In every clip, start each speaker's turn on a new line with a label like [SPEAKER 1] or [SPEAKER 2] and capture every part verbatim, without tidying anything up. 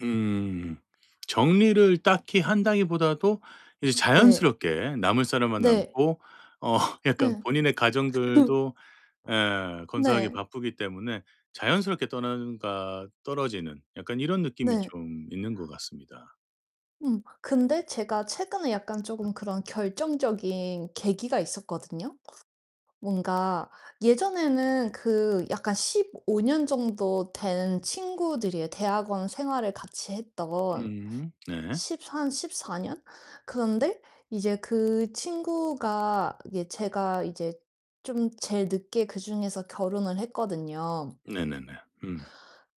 [SPEAKER 1] 음 정리를 딱히
[SPEAKER 2] [unintelligible]
[SPEAKER 1] 한다기 보다도 이
[SPEAKER 2] 네.
[SPEAKER 1] 자연스럽게 남을 사람만
[SPEAKER 2] 네.
[SPEAKER 1] 남고 어 약간
[SPEAKER 2] 네.
[SPEAKER 1] 본인의 가정들도 에 건사하기
[SPEAKER 2] 네.
[SPEAKER 1] 바쁘기 때문에 자연스럽게 떠난다 떨어지는 약간 이런 느낌이
[SPEAKER 2] 네.
[SPEAKER 1] 좀 있는 것 같습니다.
[SPEAKER 2] 음 근데 제가 최근에 약간 쪼금 그런 결정적인 계기가 있었거든요. 뭔가 예전에는 그 약간 십오 년 정도 된 친구들이에요, 대학원 생활을 같이 했던.
[SPEAKER 1] 음 네.
[SPEAKER 2] 십삼, 십사 년 그런데 이제 그 친구가 예 제가 이제 좀 제일 늦게 그중에서 결혼을 했거든요.
[SPEAKER 1] 네네네. 음.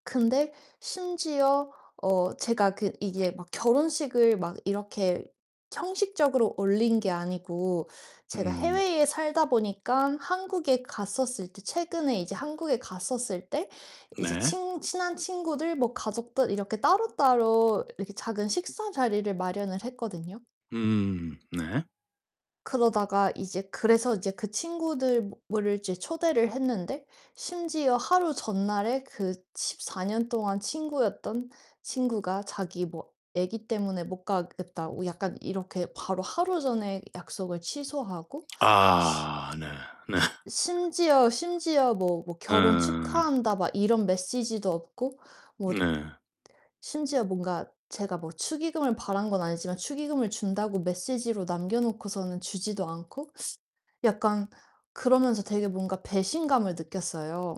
[SPEAKER 2] 근데 심지어 어 제가 그 이게 막 결혼식을 막 이렇게 형식적으로 올린 게 아니고 제가
[SPEAKER 1] 음.
[SPEAKER 2] 해외에 살다보니깐 한국에 갔었을 때 최근에 이제 한국에 갔었을 때 이제
[SPEAKER 1] 네.
[SPEAKER 2] 친 친한 친구들 뭐 가족들 이렇게 따로따로 이렇게 작은 식사 자리를 마련을 했거든요.
[SPEAKER 1] 음. 네.
[SPEAKER 2] 그러다가 이제 그래서 이제 그 친구들을 이제 초대를 했는데 심지어 하루 전날에 그 십사 년 동안 친구였던 친구가 자기 뭐 애기 때문에 못 가겠다고 약간 이렇게 바로 하루 전에 약속을 취소하고
[SPEAKER 1] 아 네. 네.
[SPEAKER 2] 츠 심지어 심지어 뭐 뭐 결혼
[SPEAKER 1] 음.
[SPEAKER 2] 축하한다 막 이런 메시지도 없고 뭐
[SPEAKER 1] 네.
[SPEAKER 2] 심지어 뭔가 제가 뭐 축의금을 바란 건 아니지만 축의금을 준다고 메세지로 남겨놓고서는 주지도 않고 약간 그러면서 되게 뭔가 배신감을 느꼈어요.